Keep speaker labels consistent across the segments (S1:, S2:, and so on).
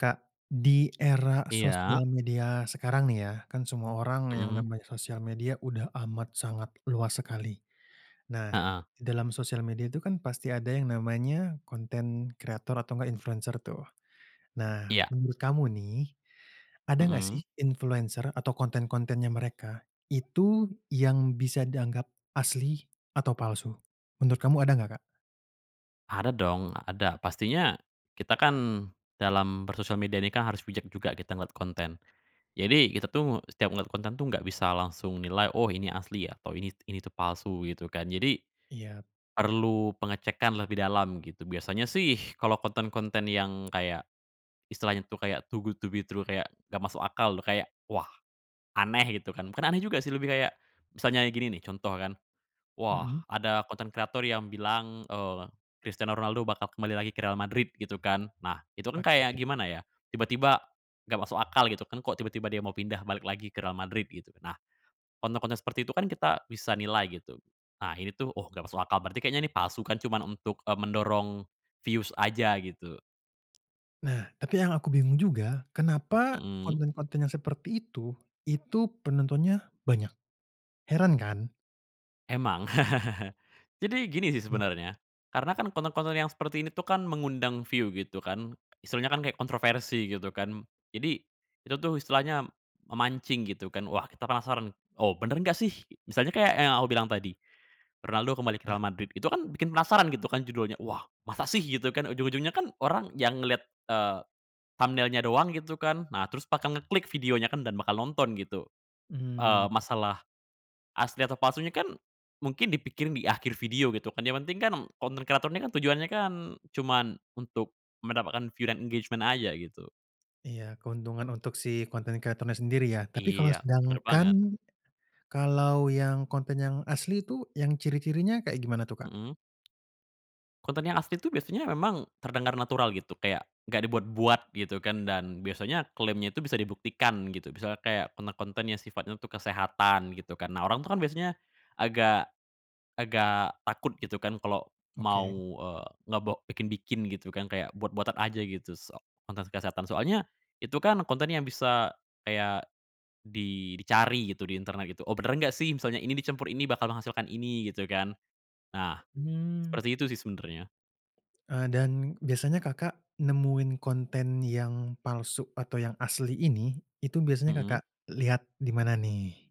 S1: Kak, di era
S2: Iya.
S1: sosial media sekarang nih ya, kan semua orang yang
S2: Mhm.
S1: namanya sosial media udah amat sangat luas sekali. Nah,
S2: Heeh.
S1: dalam sosial media itu kan pasti ada yang namanya konten kreator atau enggak influencer tuh. Nah,
S2: Iya.
S1: menurut kamu nih, ada enggak sih
S2: Mhm.
S1: influencer atau konten-kontennya mereka itu yang bisa dianggap asli atau palsu? Menurut kamu ada enggak, Kak?
S2: Ada dong ada. Pastinya kita kan dalam bersosial media ini kan harus bijak juga kita ngelihat konten. Jadi kita tuh setiap ngelihat konten tuh nggak bisa langsung nilai, "Oh, ini asli," atau, "Ini ini itu palsu," gitu kan. Jadi
S1: Iyap.
S2: perlu pengecekan lebih dalam gitu. Biasanya sih kalo konten-konten yang kayak istilahnya tuh kayak too good to be true kayak nggak masuk akal loh kayak, wah, aneh, gitu kan bukan aneh juga sih lebih kayak misalnya gini nih contoh kan, "Wah,
S1: Mhm.
S2: ada konten kreator yang bilang, eee, Christiano Ronaldo bakal kembali lagi ke Real Madrid," gitu kan. Nah, itu kan
S1: Oke.
S2: kayak gimana ya tiba-tiba, nggak masuk akal gitu kan kok tiba-tiba dia mau pindah balik lagi ke Real Madrid gitu. Nah, konten-konten seperti itu kan kita bisa nilai gitu. Nah, ini tuh, "Oh, gak masuk akal," berarti kayaknya ini palsu kan cuman untuk, e mendorong views aja gitu.
S1: Nah, tapi yang aku bingung juga kenapa
S2: Mhm.
S1: konten-konten yang seperti itu, itu penontonnya banyak? Heran kan?
S2: Emang. Jadi gini sih sebenarnya karena kan konten-konten yang seperti ini tuh kan mengundang view gitu kan, istilahnya kan kayak kontroversi gitu kan. Jadi itu tuh istilahnya memancing gitu kan wah kita penasaran, "Oh, benar nggak sih?" Misalnya kayak yang aku bilang tadi "Ronaldo kembali ke
S1: Iya.
S2: Real Madrid." Itu kan bikin penasaran gitu kan judulnya, "Wah, masa sih?" Gitu kan, ujung-ujungnya kan orang yang ngelihat, eee, thumbnail-nya doang gitu kan. Nah, terus bakal ngeklik videonya kan dan bakal nonton gitu,
S1: Mmm.
S2: eee, masalah asli atau palsunya kan mungkin dipikirin di akhir video gitu kan yang penting kan konten kreator ini kan tujuannya kan cuman untuk mendapatkan view dan engagement aja gitu.
S1: Iya, keuntungan untuk si konten kreatornya sendiri ya. Tapi kalau
S2: Iya, bener
S1: sedangkan,
S2: banget.
S1: kalau yang konten yang asli itu yang ciri-cirinya kayak gimana tuh, Kak?
S2: Mhm. Konten yang asli itu biasanya memang terdengar natural gitu kayak nggak dibuat-buat gitu kan dan biasanya klaimnya itu bisa dibuktikan gitu. Misalnya kayak konten-konten yang sifatnya untuk kesehatan gitu kan. Nah, orang tuh kan biasanya agak agak takut gitu kan kalau mau,
S1: Oke.
S2: eee, ngebe bikin-bikin gitu kan kayak buat-buatan aja gitu se konten kesehatan. Soalnya itu kan kontennya yang bisa kayak di dicari gitu di internet gitu, "Oh, benar nggak sih misalnya ini dicampur ini bakal menghasilkan ini?" Gitu kan. Nah,
S1: Mmm.
S2: seperti itu sih sebenarnya.
S1: Eee, dan biasanya Kakak nemuin konten yang palsu atau yang asli ini, itu biasanya Kakak
S2: Mhm.
S1: lihat di mana nih?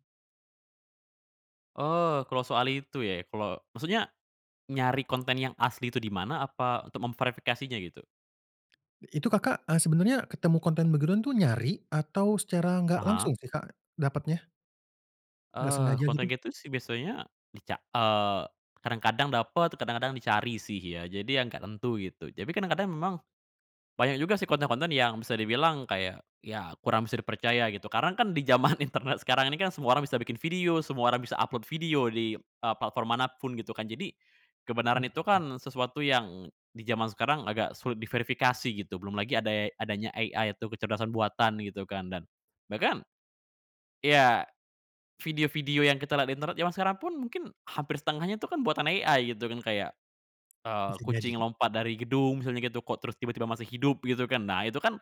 S2: Oh, kalau soal itu ya, kalo maksudnya nyari konten yang asli itu di mana apa untuk memverifikasinya gitu?
S1: Itu Kakak, eee, sebenarnya ketemu konten begituan tuh nyari, atau secara nggak
S2: Aha.
S1: langsung sih, Kak, dapatnya? Enggak
S2: Eee,
S1: sengaja
S2: konten
S1: gitu?
S2: gitu sih biasanya dica eee, kadang-kadang dapet kadang-kadang dicari sih ya. Jadi yang nggak tentu gitu. Tapi kadang-kadang memang banyak juga sih konten-konten yang bisa dibilang kayak ya kurang bisa dipercaya gitu. Karena kan di zaman internet sekarang ini kan semua orang bisa bikin video, semua orang bisa upload video di eee, platform mana pun gitu kan. Jadi, kebenaran itu
S1: Mhm.
S2: kan sesuatu yang di zaman sekarang agak sulit diverifikasi gitu. Belum lagi ade adanya AI itu kecerdasan buatan gitu kan dan bahkan iya, video-video yang kita lihat di internet jaman sekarang pun mungkin hampir setengahnya itu kan buatan AI gitu kan. Kayak, eee,
S1: Bisa
S2: kucing
S1: jadi.
S2: lompat dari gedung misalnya gitu kok terus tiba-tiba masih hidup gitu kan. Nah, itu kan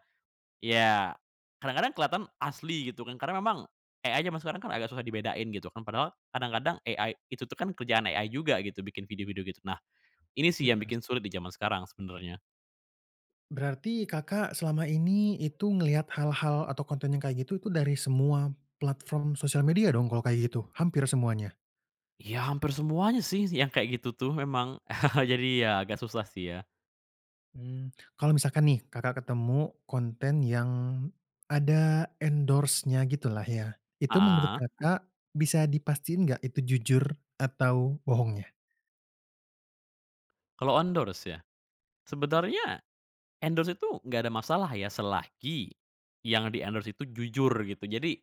S2: ya, kadang-kadang kelihatan asli gitu kan karena memang AI zaman sekarang kan agak susah dibedain gitu kan padahal kadang-kadang AI itu tuh kan kerjaan AI juga gitu bikin video-video gitu. Nah, ini sih yang
S1: Bener
S2: bikin
S1: sih.
S2: sulit di zaman sekarang sebenarnya.
S1: Berarti Kakak selama ini itu ngelihat hal-hal atau konten yang kayak gitu tuh dari semua platform sosial media dong kalau kayak gitu? Hampir semuanya?
S2: Ya hampir semuanya sih yang kayak gitu tuh memang jadi ya agak susah sih ya.
S1: Mmm, kalau misalkan nih Kakak ketemu konten yang ada endorse-nya gitulah ya, itu menurut
S2: Heeh.
S1: Kakak bisa dipastiin nggak itu jujur atau bohongnya?
S2: Kalau endorse, ya.
S1: Iya.
S2: Sebenarnya, endorse itu, nggak ada masalah ya, selagi yang di-endorse itu jujur, gitu. Jadi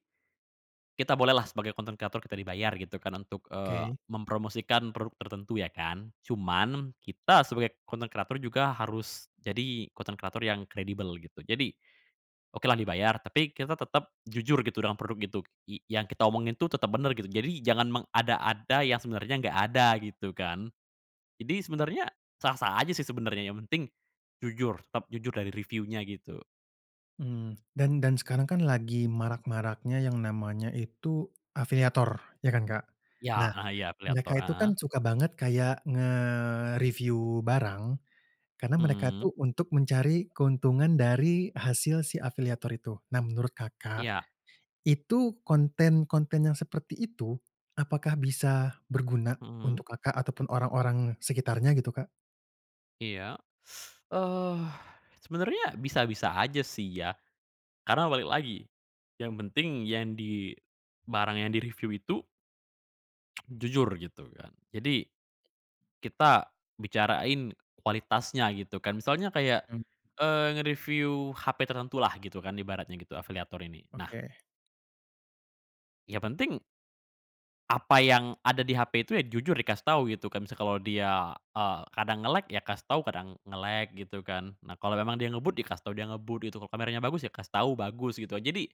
S2: kita bolehlah, sebagai content creator, kita dibayar, gitu kan, untuk, eee,
S1: Oke.
S2: mempromosikan produk tertentu, ya kan. Cuman, kita sebagai content creator juga harus jadi content creator yang kredibel, gitu. Jadi, okelah dibayar, tapi kita tetap jujur, gitu, dengan produk itu y yang kita omongin tuh tetap benar, gitu. Jadi, jangan mengada-ada yang sebenarnya nggak ada, gitu kan. Jadi, sebenarnya, sah-sah aja sih, sebenarnya. Yang penting, jujur. Tetap jujur dari revieu-nya, gitu.
S1: Mhm. Dan dan sekarang kan lagi marak-maraknya yang namanya itu, afiliator, ya kan, Kak? Nah,
S2: Ya, heeh, ya,
S1: mereka
S2: afiliator
S1: itu kan,
S2: heeh?
S1: suka banget, kayak ngereviu barang, karena mereka
S2: Mhm.
S1: tuh untuk mencari keuntungan dari hasil si afiliator itu. Nah, menurut Kakak,
S2: Iya.
S1: itu, konten-konten yang seperti itu, apakah bisa berguna
S2: Mhm.
S1: untuk Kakak ataupun orang-orang sekitarnya, gitu, Kak?
S2: Iya, eee, sebenarnya, bisa-bisa aja sih, ya. Karena balik lagi, yang penting yang di barang yang direviu itu jujur, gitu kan. Jadi, kita bicarain kualitasnya, gitu kan. Misalnya, kayak,
S1: Mmm.
S2: eee, ngereviu HP tertentu, lah, gitu kan, ibaratnya gitu, afiliator ini. Nah
S1: Oke.
S2: yang penting apa yang ada di HP itu, ya, jujur dikasih tahu, gitu kan. Misal kalau dia, eee, kadang nge-lag, ya kasih tahu. Kadang nge-lag, gitu kan. Nah, kalau memang dia ngebut, ya kasih tahu dia ngebut, gitu. Kalau kameranya bagus, ya kasih tahu, bagus, gitu a Jadi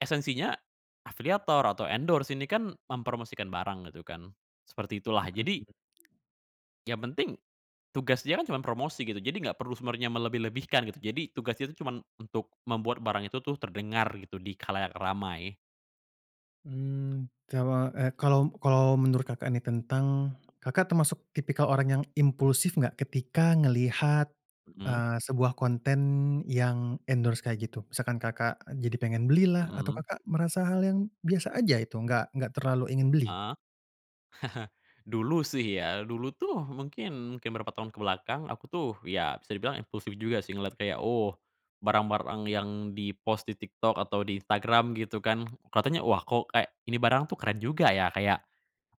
S2: esensinya, afiliator atau endorse, ini kan mempromosikan barang, gitu kan. Seperti itulah.
S1: Mhm
S2: Jadi
S1: mhm.
S2: yang penting, tugas dia kan, cuman promosi, gitu. Jadi nggak perlu sebenarnya melebih-lebihkan, gitu. Jadi, tugas dia tuh, cuman untuk, membuat barang itu tuh terdengar, gitu, di khalayak ramai.
S1: Mmm, kawa eh, kalau kalau menurut, Kakak, nih, tentang Kakak, termasuk tipikal orang yang impulsif nggak, ketika ngelihat,
S2: Mhm.
S1: eee, sebuah konten yang endorse kayak gitu? Misalkan, Kakak, jadi pengen belilah, atau,
S2: Mhm.
S1: Kakak, merasa hal yang biasa aja, itu, nggak nggak terlalu ingin beli?
S2: Heeh, dulu sih ya dulu tuh, mungkin mungkin beberapa tahun ke belakang, aku tuh, ya, bisa dibilang impulsif juga sih, ngelihat kayak, "oh, barang-barang yang di-post di TikTok atau di Instagram," gitu kan. Kelihatannya, "wah, kok kayak, ini barang tuh keren juga, ya." Kayak,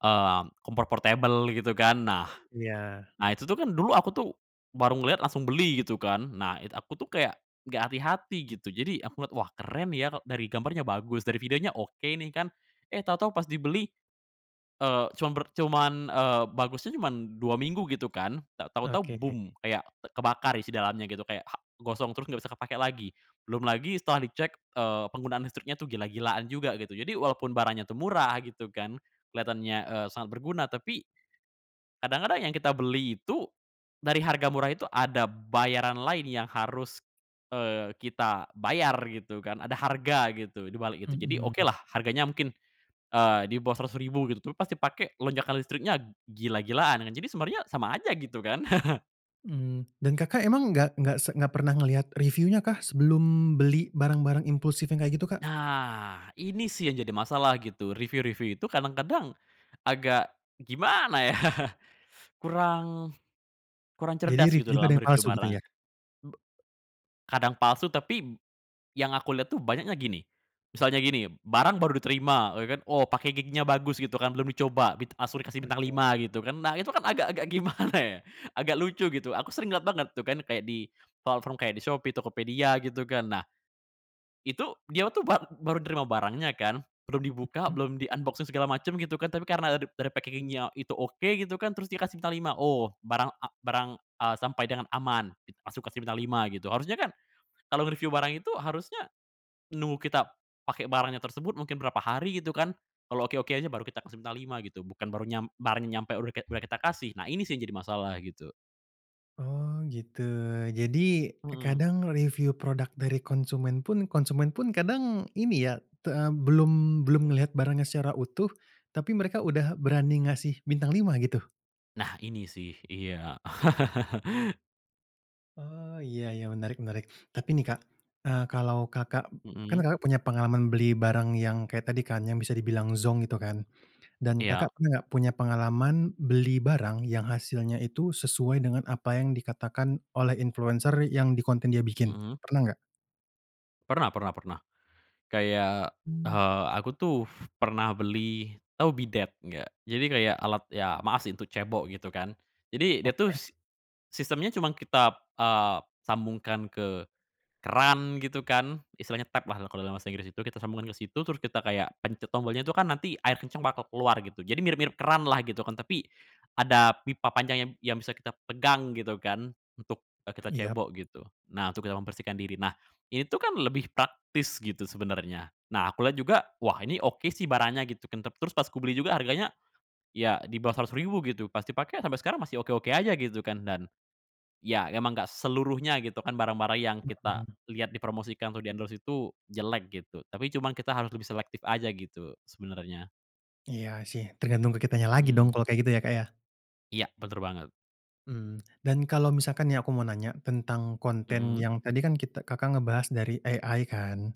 S2: mmm, kompor portabel, gitu kan. Nah,
S1: Iya.
S2: nah, itu tuh, kan, dulu aku tuh, baru ngelihat, langsung beli, gitu kan. Nah it aku tuh kayak, nggak hati-hati, gitu. Jadi aku ngelihat, "Wah, keren ya, e dari gambarnya bagus, dari videonya oke, nih," kan. Eh, tahu-tahu pas dibeli, eee, cuman bert cuman, eee, bagusnya cuman 2 minggu, gitu kan. Tak tau-tau,
S1: Oke.
S2: Kayak kebakar isi dalamnya gitu, kayak ha gosong, terus nggak bisa kepake lagi. Belum lagi, setelah dicek, eee, penggunaan listriknya tuh gila-gilaan juga, gitu. Jadi, walaupun barangnya tuh murah, gitu kan, kelihatannya, eee, sangat berguna, tapi, kadang-kadang yang kita beli itu, dari harga murah itu, ada bayaran lain yang harus, eee, kita bayar, gitu kan. Ada harga, gitu, di balik itu. Jadi,
S1: Mhm.
S2: okelah, harganya mungkin, eee, di bawah Rp.100.000 gitu. Tapi pas dipake, lonjakan listriknya gila-gilaan. Nah, jadi sebenarnya, sama aja, gitu kan?
S1: Mmm, dan, Kakak, emang nggak nggak se nggak pernah ngelihat reviunya, kah, sebelum beli barang-barang impulsif yang kayak gitu, Kak?
S2: Nah, ini sih, yang jadi masalah, gitu. Reviu-reviu itu kadang-kadang, agak, gimana ya. Kurang kurang
S1: Jadi,
S2: cerdas,
S1: reviu
S2: gitu,
S1: juga ada
S2: dalam
S1: yang
S2: mereviu
S1: palsu, gitu
S2: barang.
S1: ya?
S2: B kadang palsu, tapi yang aku lihat tuh banyaknya gini. Misalnya gini, eee, b barang baru diterima, ya kan, "Oh, packaging-nya bagus," gitu kan, belum dicoba, bit langsung dikasih bintang
S1: Oke.
S2: 5, gitu kan. Nah, itu kan, agak-agak gimana, ya. Agak lucu, gitu. Aku sering ngelihat banget, tuh kan, kayak di platform kayak di Shopee, Tokopedia, gitu kan. Nah, itu dia tuh, bar baru nerima barangnya, kan. Belum dibuka,
S1: Mhm.
S2: belum di-unboxing segala macem, gitu kan, tapi karena dari packaging-nya itu oke, gitu kan, terus dia kasih bintang 5. "Oh, barang a barang a sampai dengan aman," gitu. Langsung dikasih bintang 5, gitu. Harusnya kan, kalau ngereviu barang itu, harusnya nunggu kita pakai barangnya tersebut, mungkin berapa hari, gitu kan. Kalau oke-oke aja, baru kita kasih bintang 5, gitu. Bukan baru nyam barangnya nyampe udah kayak udah kita kasih. Nah, ini sih, yang jadi masalah, gitu.
S1: Oh, gitu. Jadi,
S2: Mhm.
S1: kadang reviu produk dari konsumen pun, konsumen pun kadang, ini ya, te eee, belum belum ngelihat barangnya secara utuh, tapi mereka udah berani ngasih bintang 5 gitu?
S2: Nah ini sih iya.
S1: Oh, iya iya, menarik menarik. Tapi nih, Kak, eee, kalau, Kakak, b kan,
S2: Mhm.
S1: Kakak, punya pengalaman beli barang yang, kayak tadi kan, yang, bisa dibilang zonk itu, kan. Dan, Kakak,
S2: Iya.
S1: pernah nggak, punya pengalaman beli barang, yang hasilnya itu sesuai, dengan apa yang dikatakan oleh influencer yang di konten dia bikin,
S2: Mhm.
S1: pernah nggak?
S2: Pernah pernah pernah. Kayak,
S1: Hmm.
S2: eee, aku tuh, pernah beli, tau bidet, nggak? Jadi kayak, alat ya maaf sih, untuk cebok, gitu kan. Jadi, dia tuh,
S1: Oke.
S2: s sistemnya cuman kita, eee, sambungkan ke keran, gitu kan, istilahnya tap lah, kalau dalam bahasa Inggris itu, kita sambungkan ke situ, terus kita kayak pencet tombolnya itu kan, nanti air kencang bakal keluar, gitu. Jadi, mirip-mirip keran lah, gitu kan. Tapi, ada pipa panjang yang yang bisa kita pegang, gitu kan, untuk, eee, kita
S1: Iya.
S2: cebok, gitu. Nah, untuk kita membersihkan diri. Nah, ini tuh kan lebih praktis, gitu, sebenarnya. Nah, aku lihat juga, "Wah, ini oke sih, barangnya," gitu kan. Tap terus, pas kubeli juga, harganya, ya di bawah Rp.100.000 gitu. Pas dipakai, sampai sekarang masih oke-oke aja, gitu kan. Dan, ya emang nggak seluruhnya, gitu kan, barang-barang yang kita
S1: Mhm.
S2: lihat dipromosikan atau di-endorse itu jelek, gitu. Tapi cuman kita harus lebih selektif aja, gitu, sebenarnya.
S1: Iya sih, tergantung ke kitanya lagi dong
S2: Mmm.
S1: kalau kayak gitu ya Kak, ya.
S2: Iya, bener banget.
S1: Mmm, dan kalau misalkan nih aku mau nanya, tentang konten
S2: Mhm.
S1: yang tadi kan kita Kakak, ngebahas dari AI kan,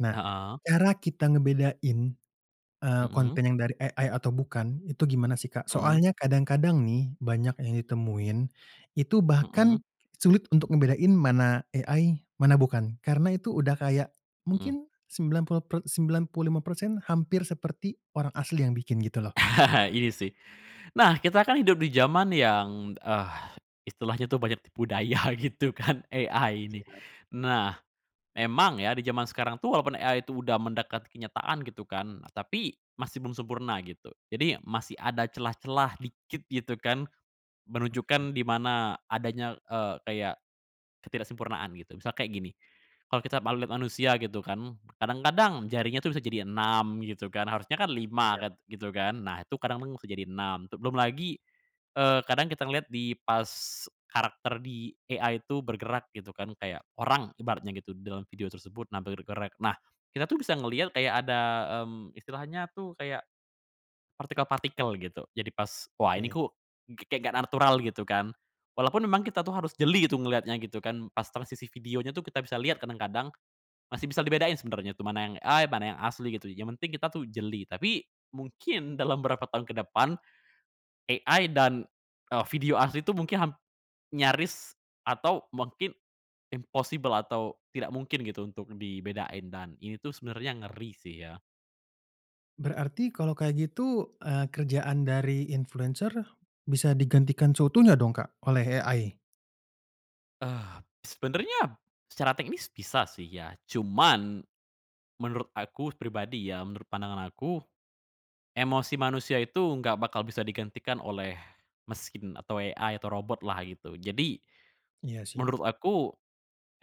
S1: nah,
S2: Heeh.
S1: cara kita ngebedain, eee,
S2: Mhm.
S1: konten yang dari AI atau bukan itu gimana sih Kak?
S2: Mhm.
S1: Soalnya kadang-kadang nih banyak yang ditemuin, itu bahkan
S2: Mhm.
S1: sulit untuk ngebedain mana AI, mana bukan karena itu udah kayak,
S2: Mhm.
S1: mungkin sembilan puluh per sembilan puluh persen hampir seperti, orang asli yang bikin gitu loh.
S2: Ini sih. Nah, kita kan hidup di jaman yang, eee, istilahnya tuh banyak tipu daya gitu kan AI ini.
S1: Iya.
S2: Nah, emang ya di jaman sekarang tuh walaupun AI itu, udah mendekat kenyataan gitu kan, tapi masih belum sempurna gitu. Jadi, masih ada celah-celah dikit gitu kan,
S1: Oke.
S2: menunjukkan di mana adanya, eee, kayak, ketidaksempurnaan, gitu. Misalnya kayak gini, kalau kita mau lihat manusia gitu kan, kadang-kadang jarinya tuh bisa jadi 6 gitu kan, harusnya kan 5
S1: Iya.
S2: kan gitu kan, nah itu kadang bisa jadi 6 tuh. Belum lagi, eee, kadang kita ngeliat di pas karakter di AI itu bergerak gitu kan, kayak orang ibaratnya gitu dalam video tersebut nampil bergerak. Nah, kita tuh bisa ngeliat kayak ada, mmm, istilahnya tuh kayak, partikel-partikel gitu. Jadi, pas, "Wah ini
S1: Oke.
S2: kok kayak enggak natural," gitu kan, walaupun memang kita tuh harus jeli gitu ngeliatnya gitu kan, pas transisi video-nya tuh kita bisa lihat kadang-kadang, masih bisa dibedain sebenarnya tuh mana yang AI, mana yang asli gitu yang penting kita tuh jeli. Tapi, mungkin dalam berapa tahun ke depan, AI dan eee, video asli itu mungkin ham nyaris atau mungkin, impossible atau tidak mungkin gitu, untuk dibedain dan ini tuh sebenarnya, ngeri sih ya.
S1: Berarti kalau kaya gitu, eee, kerjaan dari influencer, bisa digantikan seutuhnya dong Kak, oleh AI?
S2: Eee, sebenarnya secara teknis bisa sih ya, cuman, menurut aku pribadi ya, menurut pandangan aku, emosi manusia itu enggak bakal bisa digantikan oleh mesin atau AI atau robot lah gitu. Jadi,
S1: Iya sih.
S2: menurut aku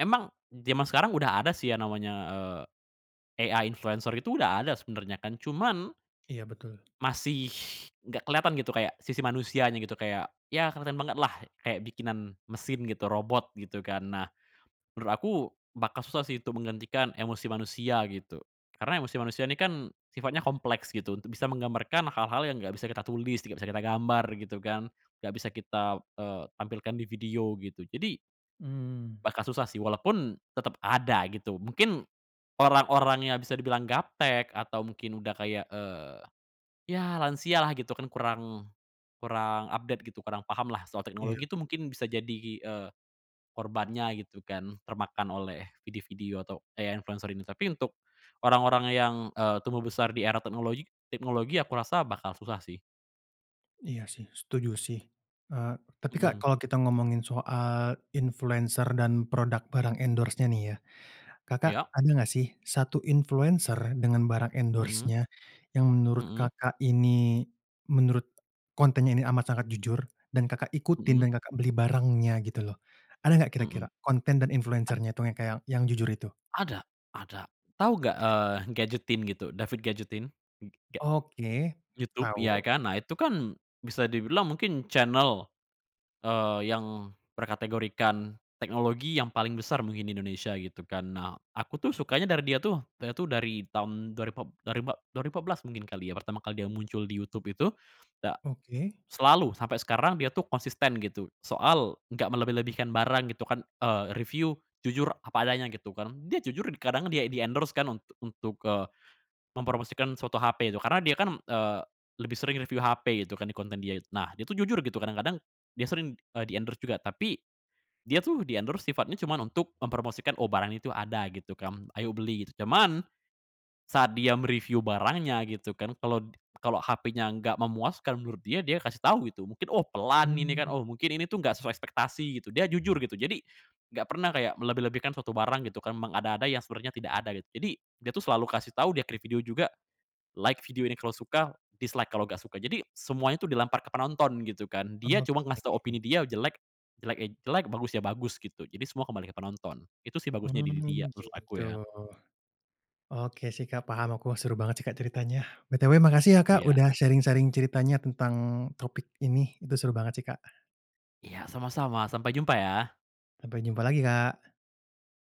S2: emang jaman sekarang udah ada sih yang namanya, eee, AI influencer itu udah ada sebenarnya kan cuman
S1: Iya, betul.
S2: Masih enggak kelihatan gitu kayak sisi manusianya gitu kayak ya keren banget lah, kayak bikinan mesin gitu, robot gitu, kan. Nah, menurut aku bakal susah sih itu menggantikan emosi manusia gitu, karena emosi manusia ini kan sifatnya kompleks gitu, untuk bisa menggambarkan hal-hal yang enggak bisa kita tulis, enggak bisa kita gambar gitu kan, enggak bisa kita, eee, tampilkan di video gitu. Jadi
S1: Mmm.
S2: Bakal susah sih walaupun tetap ada gitu. Mungkin, orang-orang yang bisa dibilang gaptek atau mungkin udah kayak, eee, ya lansia lah gitu kan kurang kurang update gitu, kurang paham lah soal
S1: Iya.
S2: teknologi itu mungkin bisa jadi, eee, korbannya gitu kan, termakan oleh video-video atau AI influencer ini. Tapi untuk orang-orang yang, eee, tumbuh besar di era teknologi teknologi aku rasa bakal susah sih.
S1: Iya sih setuju sih, eee, tapi Kak,
S2: Mhm.
S1: kalau kita ngomongin soal influencer dan product barang endorse-nya nih ya, Kakak,
S2: Iya.
S1: ada enggak sih 1 influencer dengan barang
S2: Mhm.
S1: endorse-nya yang menurut
S2: Mhm.
S1: Kakak, ini, menurut kontennya ini amat sangat jujur dan Kakak, ikutin
S2: Mhm.
S1: dan Kakak, beli barangnya gitu loh. Ada enggak kira-kira,
S2: Mhm.
S1: konten dan
S2: Ad
S1: influencer-nya itu yang kayak yang jujur itu?
S2: Ada ada. Tahu enggak, eee, GadgetIn gitu? David GadgetIn enggak.
S1: Oke,
S2: YouTube, ya
S1: tau.
S2: kan, nah, itu kan bisa dibilang mungkin channel, eee, yang berkategorikan teknologi yang paling besar mungkin di Indonesia, gitu kan. Nah, aku tuh sukanya dari dia tuh dia tuh dari tahun dua ripat dua ripat dua ribu empat belas mungkin kali ya pertama kali dia muncul di YouTube itu, da
S1: Oke.
S2: selalu sampai sekarang dia tuh konsisten gitu soal enggak melebih-lebihkan barang gitu kan, eee, review jujur apa adanya, gitu kan. Dia jujur di kadang dia di-endorse kan untuk untuk, eee, mempromosikan suatu HP itu, karena dia kan, eee, lebih sering review HP gitu kan di konten dia itu. Nah, itu jujur gitu kadang-kadang dia sering, eee, di-endorse juga tapi, dia tuh di-endorse sifatnya cuman untuk mempromosikan "oh barang itu ada," gitu kan, "ayo beli," gitu. Cuman, saat dia me-review barangnya gitu kan, kalau kalau HP-nya enggak memuaskan menurut dia dia kasih tahu gitu mungkin oh "pelan" ini kan,
S1: Mmm.
S2: oh mungkin ini tuh "enggak sesuai ekspektasi," gitu dia jujur gitu. Jadi, enggak pernah kayak melebih-lebihkan suatu barang gitu kan memang ada-ada yang sebenarnya tidak ada gitu. Jadi, dia tuh selalu kasih tahu di akhir video juga, "Like video ini kalau suka dislike kalau enggak suka," jadi semuanya tuh dilempar ke penonton gitu kan, dia cuma ngasih tau
S1: Oke.
S2: opini dia jelek jelek ya jelek, bagus ya bagus gitu. Jadi, semua kembali ke penonton. Itu sih bagusnya diri dia,
S1: Mmm,
S2: terus aku
S1: gitu.
S2: ya.
S1: Oke sih Kak, paham aku seru banget sih Kak, ceritanya. BTW makasih ya Kak,
S2: Iya.
S1: udah sharing-sharing ceritanya tentang topik ini. Itu seru banget sih Kak.
S2: Iya sama-sama. Sampai jumpa ya!
S1: Sampai jumpa lagi Kak!